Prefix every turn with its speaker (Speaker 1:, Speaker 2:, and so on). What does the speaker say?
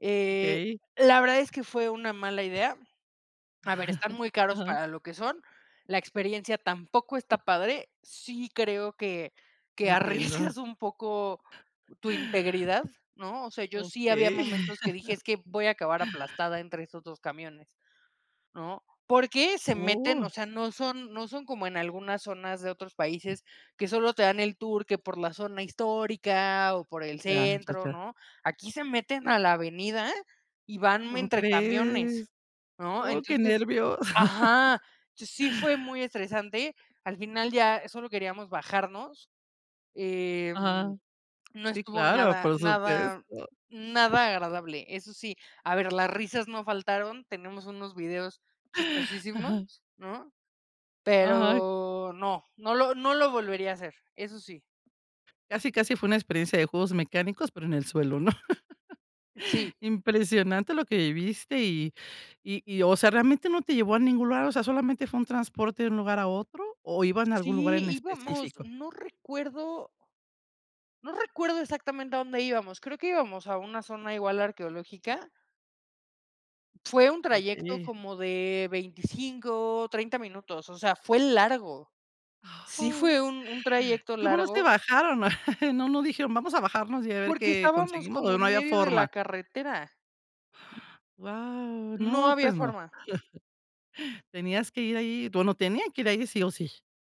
Speaker 1: Eh,
Speaker 2: Okey.
Speaker 1: la verdad es que fue una mala idea. A ver, están muy caros
Speaker 2: Ajá.
Speaker 1: para lo que son. La experiencia tampoco está padre. Sí creo que que
Speaker 2: Entiendo.
Speaker 1: arriesgas un poco tu integridad, ¿no? O sea, yo sí había
Speaker 2: Okey.
Speaker 1: momentos que dije: "Es que voy a acabar aplastada entre esos 2 camiones", ¿no? Porque se meten,
Speaker 2: Wao.
Speaker 1: o sea, no son no son como en algunas zonas de otros países que solo te dan el tour que por la zona histórica o por el
Speaker 2: Ya, ya,
Speaker 1: centro,
Speaker 2: ya.
Speaker 1: ¿no? Aquí se meten a la avenida y van
Speaker 2: ¿Tú
Speaker 1: entre camiones,
Speaker 2: crees?
Speaker 1: ¿no?
Speaker 2: Oh, qué
Speaker 1: Entonces,
Speaker 2: nervio.
Speaker 1: ajá, sí fue muy estresante. Al final ya solo queríamos bajarnos. Em,
Speaker 2: Ajá,
Speaker 1: no
Speaker 2: sí,
Speaker 1: estuvo
Speaker 2: claro,
Speaker 1: nada
Speaker 2: por
Speaker 1: nada
Speaker 2: supuesto.
Speaker 1: nada agradable. Eso sí, a ver, las risas no faltaron, tenemos unos videos chistosísimos,
Speaker 2: Ajá
Speaker 1: ¿no?
Speaker 2: Ajá.
Speaker 1: Pero no, no lo no lo volvería a hacer, eso sí.
Speaker 2: Casi, casi fue una experiencia de juegos mecánicos, pero en el suelo, ¿no?
Speaker 1: Sí.
Speaker 2: Impresionante lo que viviste y y, o sea, ¿realmente no te llevó a ningún lugar? O sea, ¿solamente fue un transporte de un lugar a otro o iban a algún lugar
Speaker 1: Sí,
Speaker 2: en
Speaker 1: íbamos,
Speaker 2: específico?
Speaker 1: no recuerdo no recuerdo exactamente a dónde íbamos. Creo que íbamos a una zona igual arqueológica fue un trayecto
Speaker 2: Okey
Speaker 1: como de 25, 30 minutos, o sea, fue largo. Sí
Speaker 2: Ay
Speaker 1: fue un un trayecto
Speaker 2: ¿Y cómo no se
Speaker 1: largo.
Speaker 2: bajaron? No, dijeron, vamos a bajarnos y a ver
Speaker 1: Porque
Speaker 2: qué
Speaker 1: estábamos
Speaker 2: conseguimos,
Speaker 1: como
Speaker 2: ¿o no
Speaker 1: en
Speaker 2: había
Speaker 1: medio de la
Speaker 2: forma?
Speaker 1: carretera.
Speaker 2: Guau,
Speaker 1: No
Speaker 2: no,
Speaker 1: había
Speaker 2: pues no.
Speaker 1: forma.
Speaker 2: Tenías que ir ahí, bueno, tenía que ir ahí sí o sí.